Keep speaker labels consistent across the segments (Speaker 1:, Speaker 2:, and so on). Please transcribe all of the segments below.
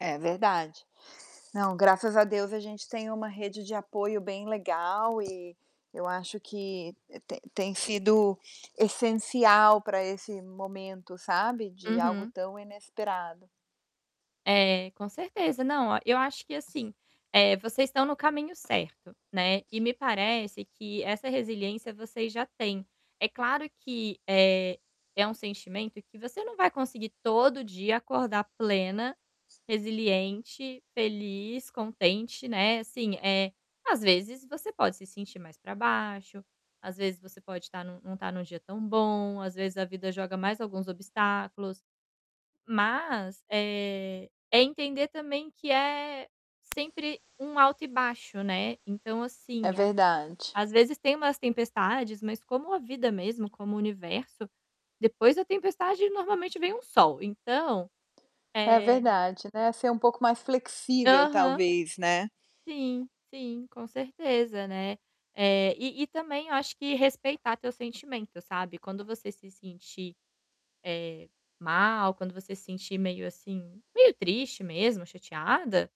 Speaker 1: É verdade. Não, graças a Deus, a gente tem uma rede de apoio bem legal e, eu acho que, eh, tem tem sido essencial para esse momento, sabe, de algo
Speaker 2: Uhum.
Speaker 1: tão inesperado.
Speaker 2: É, com certeza, não, ó, eu acho que assim, eh, vocês estão no caminho certo, né. E me parece que essa resiliência vocês já têm. É claro que, eh, é um sentimento que você não vai conseguir todo dia acordar plena, resiliente, feliz, contente, né, assim, eh, às vezes você pode se sentir mais para baixo, às vezes você pode estar num não estar em um dia tão bom, às vezes, a vida joga mais alguns obstáculos. Mas, eh, é entender também que é sempre um alto e baixo, né. Então, assim,
Speaker 1: É verdade.
Speaker 2: às vezes tem umas tempestades, mas como a vida mesmo, como o universo, depois da tempestade, normalmente vem um sol, então,
Speaker 1: É
Speaker 2: eh
Speaker 1: verdade, né, ser um pouco mais flexível
Speaker 2: Aham.
Speaker 1: talvez, né.
Speaker 2: Sim, sim, com certeza, né. Eh, e e também eu acho que respeitar teu sentimento, sabe. Quando você se sentir, eh, mal, quando você se sentir meio assim, meio triste mesmo, chateada,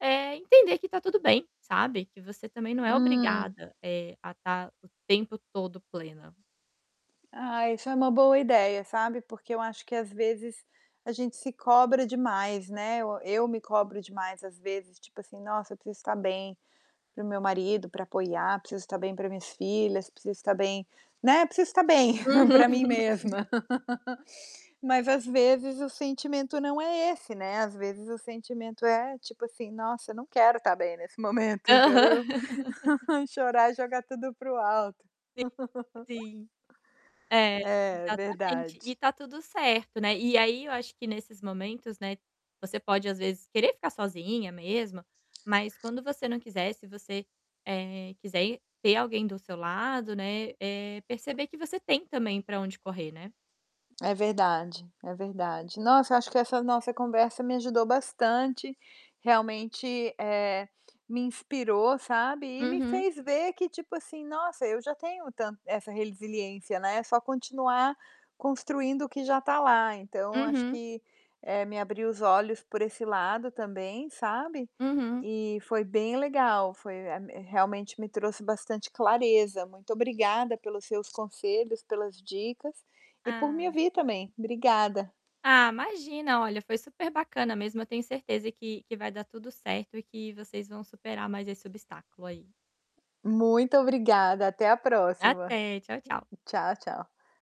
Speaker 2: eh, entender que está tudo bem, sabe. Que você também não é
Speaker 1: Hum.
Speaker 2: obrigada, eh, a estar o tempo todo plena.
Speaker 1: Ai, isso é uma boa ideia, sabe. Porque eu acho que, às vezes, a gente se cobra demais, né, o eu me cobro demais, às vezes, tipo assim: "Nossa, eu preciso estar bem, para o meu marido, para apoiar, preciso estar bem para minhas filhas, preciso estar bem, né, preciso estar bem, para mim
Speaker 2: Uhum.
Speaker 1: mesma". Mas, às vezes, o sentimento não é esse, né, às vezes, o sentimento é tipo assim: "Nossa, eu não quero estar bem nesse momento, eu quero
Speaker 2: Aham.
Speaker 1: chorar e jogar tudo para o alto".
Speaker 2: Sim sim. É,
Speaker 1: É,
Speaker 2: exatamente, e
Speaker 1: verdade.
Speaker 2: está tudo certo, né, e aí eu acho que, nesses momentos, né, você pode, às vezes, querer ficar sozinha mesma, mas quando você não quiser, se você, eh, quiser ter alguém do seu lado, né, eh, perceber que você tem também para onde correr, né.
Speaker 1: É verdade, é verdade. Nossa, eu acho que essa nossa conversa me ajudou bastante, realmente, eh, me inspirou, sabe. E me
Speaker 2: Uhum.
Speaker 1: fez ver que, tipo assim, nossa, eu já tenho tan essa resiliência, né, é só continuar construindo o que já está lá, então, eu acho
Speaker 2: Uhum.
Speaker 1: que, eh, me abriu os olhos por esse lado também, sabe.
Speaker 2: Uhum.
Speaker 1: E foi bem legal, foi, eh, me realmente me trouxe bastante clareza. Muito obrigada pelos seus conselhos, pelas dicas, e por me
Speaker 2: Ah.
Speaker 1: ouvir também. Obrigada.
Speaker 2: Ah, imagina. Olha, foi superbacana mesmo, eu tenho certeza que que vai dar tudo certo e que vocês vão superar mais esse obstáculo aí.
Speaker 1: Muito obrigada, até a próxima.
Speaker 2: Até, tchau, tchau.
Speaker 1: Tchau, tchau.